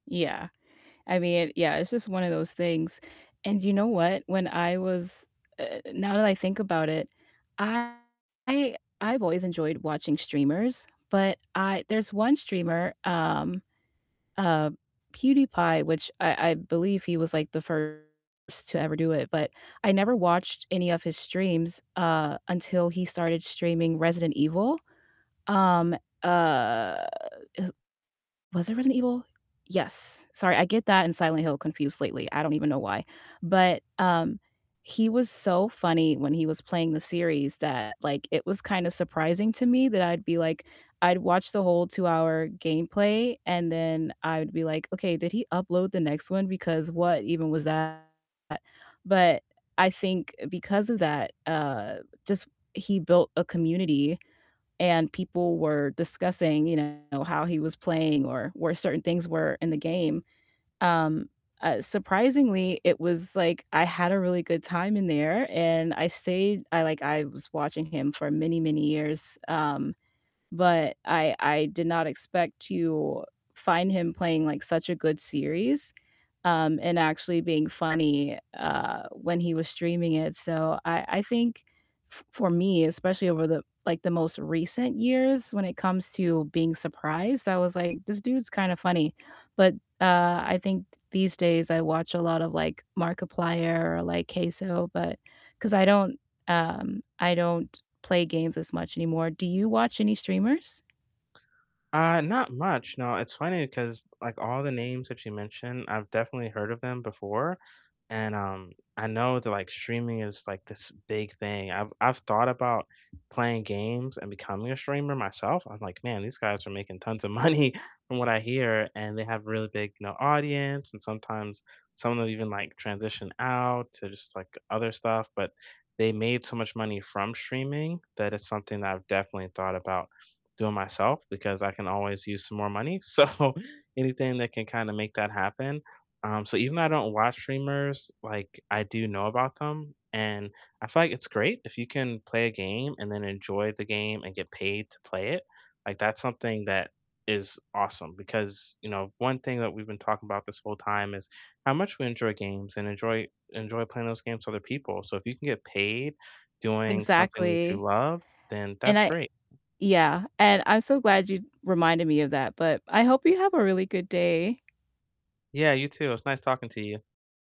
Yeah. I mean, yeah, it's just one of those things, and you know what? When I was uh uh uh, now that I think about it, I've always enjoyed watching streamers, but I there's one streamer, um, uh, PewDiePie, which I I believe he was, like, the first to ever do it, but I never watched any of his streams, uh, until he started streaming Resident Evil. Um, uh, is was it Resident Evil? Yes. Sorry, I get that and Silent Hill confused lately, I don't even know why. But, um, he was so funny when he was playing the series that, like, it was kinda surprising to me that I'd be like I'd watch the whole two-hour gameplay, and then I would be like, "Okay, did he upload the next one, because what even was that?" But, I think, because of that, uh, just he built a community and people were discussing, you know, how he was playing or where certain things were in the game, um, uh, surprisingly, it was, like, I had a really good time in there, and I stayed I, like I was watching him for many, many years. Um, but I I did not expect to find him playing, like, such a good series, um, and actually being funny, uh, when he was streaming it, so I I think f for me, especially over the like, the most recent years when it comes to being surprised, I was like, "This dude's kinda funny." But, uh, I think these days I watch a lot of, like, Markiplier or, like, CaseOh, but 'cause I don't, um I don't play games as much anymore. Do you watch any streamers? Uh, not much. No, it's funny, 'cause, like, all the names that you mentioned, I've definitely heard of them before, and, um, I know that, like, streaming is, like, this big thing. I've I've thought about playing games and becoming a streamer myself. I'm like, "Man, these guys are making tons of money from what I hear, and they have a really big, you know, audience," and sometimes some of them even, like, transition out to just, like, other stuff. But they made so much money from streaming that it's something that I've definitely thought about doing myself because I can always use some more money, so anything that can kinda make that happen. Um, so even though I don't watch streamers, like, I do know about them, and I feel like it's great if you can play a game and then enjoy the game and get paid to play it, like, that's something that is awesome because, you know, one thing that we've been talking about this whole time is how much we enjoy games and enjoy enjoy playing those games with other people, so if you can get paid doing something that you Exactly. love, then And that's I great. yeah, and I'm so glad you reminded me of that, but I hope you have a really good day. Yeah, you too. It was nice talking to you.